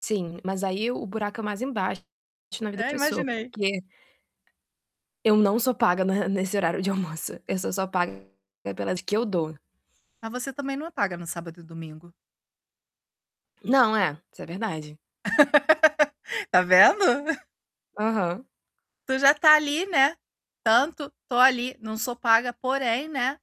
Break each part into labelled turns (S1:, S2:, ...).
S1: Sim, mas aí o buraco é mais embaixo na vida
S2: É,
S1: professor,
S2: imaginei.
S1: porque eu não sou paga na nesse horário de almoço, eu sou só paga pelas que eu dou.
S2: Ah, você também não apaga no sábado e domingo?
S1: Não, é, isso é verdade.
S2: Tá vendo?
S1: Aham.
S2: Tu já tá ali, né, tanto tô ali, não sou paga, porém, né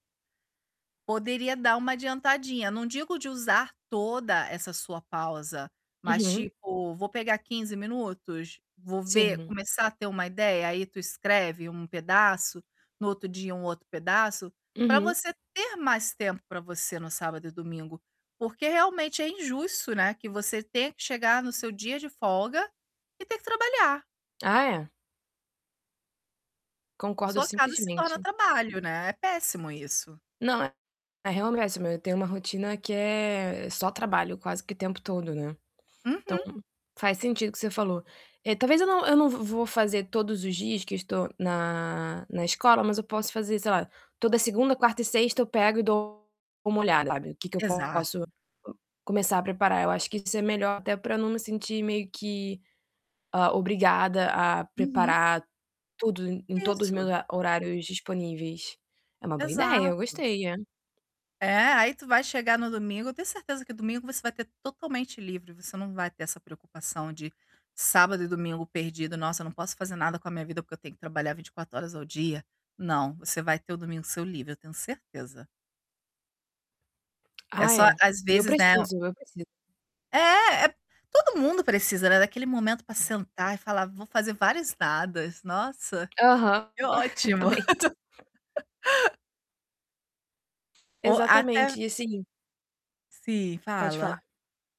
S2: poderia dar uma adiantadinha. Não digo de usar toda essa sua pausa, mas
S1: Uhum.
S2: tipo, vou pegar 15 minutos, vou ver
S1: Sim.
S2: começar a ter uma ideia, aí tu escreve um pedaço, no outro dia um outro pedaço, pra
S1: Uhum.
S2: você ter mais tempo pra você no sábado e domingo, porque realmente é injusto, né, que você tenha que chegar no seu dia de folga e ter que trabalhar.
S1: Ah, é. Concordo
S2: Sua casa se torna
S1: simplesmente.
S2: trabalho, né, é péssimo isso.
S1: Não, é é, [unintelligible] eu tenho uma rotina que é só trabalho quase que tempo todo, né. Então,
S2: Uhum.
S1: faz sentido o que você falou. Eh, talvez eu não, eu não v vou fazer todos os dias que eu estou na na escola, mas eu posso fazer, sei lá, toda segunda, quarta e sexta eu pego e dou uma olhada, sabe, o que que eu posso
S2: Exato.
S1: começar a preparar. Eu acho que isso é melhor até pra não me sentir meio que, hã, obrigada a
S2: Uhum.
S1: preparar tudo em todos os meus
S2: Isso.
S1: hora horários disponíveis. É uma boa ideia, eu
S2: Exato.
S1: gostei, é.
S2: É, aí tu vai chegar no domingo, eu tenho certeza que domingo você vai ter totalmente livre, você não vai ter essa preocupação de sábado e domingo perdido, "Nossa, eu não posso fazer nada com a minha vida porque eu tenho que trabalhar 24 horas ao dia." Não, você vai ter o domingo seu livre, eu tenho certeza. É
S1: Ah,
S2: só
S1: é,
S2: às
S1: e eu
S2: vezes, né o
S1: preciso, eu preciso
S2: É é Todo mundo precisa, né, daquele momento pra sentar e falar: "Vou fazer várias nadas". Nossa,
S1: Aham,
S2: que ótimo.
S1: exatamente.
S2: Ou até
S1: Exatamente, e assim
S2: Sim,
S1: Pode falar.
S2: fala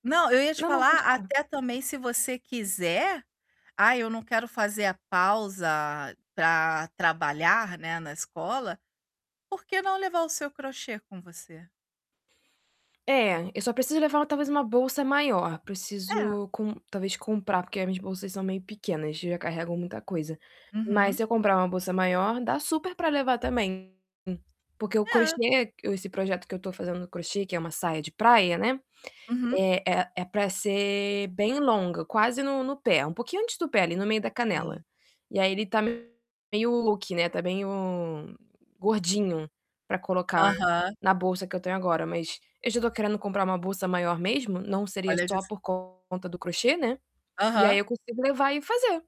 S2: Não, eu ia te
S1: Não, não, pode
S2: falar,
S1: falar.
S2: até também se você quiser: "Ai, eu não quero fazer a pausa pra trabalhar, né, na escola", porque não levar o seu crochê com você?
S1: É, eu só preciso levar talvez uma bolsa maior.
S2: É.
S1: Preciso com talvez comprar, porque as minhas bolsas são meio pequenas, já carregam muita coisa, mas
S2: Uhum.
S1: se eu comprar uma bolsa maior, dá super pra levar também, porque o
S2: É.
S1: crochê esse projeto que eu tô fazendo no crochê, que é uma saia de praia, né,
S2: Uhum.
S1: é é é pra ser bem longa, quase no no pé, um pouquinho antes do pé, ali no meio da canela.
S2: Sim.
S1: E aí ele tá m, [unintelligible] meio "luqui", né, tá meio "gordinho", pra colocar
S2: Aham.
S1: na bolsa que eu tenho agora, mas eu já tô querendo comprar uma bolsa maior mesmo, não seria
S2: Olha
S1: só
S2: dis
S1: por conta do crochê, né, e aí
S2: Aham.
S1: eu consigo levar e fazer.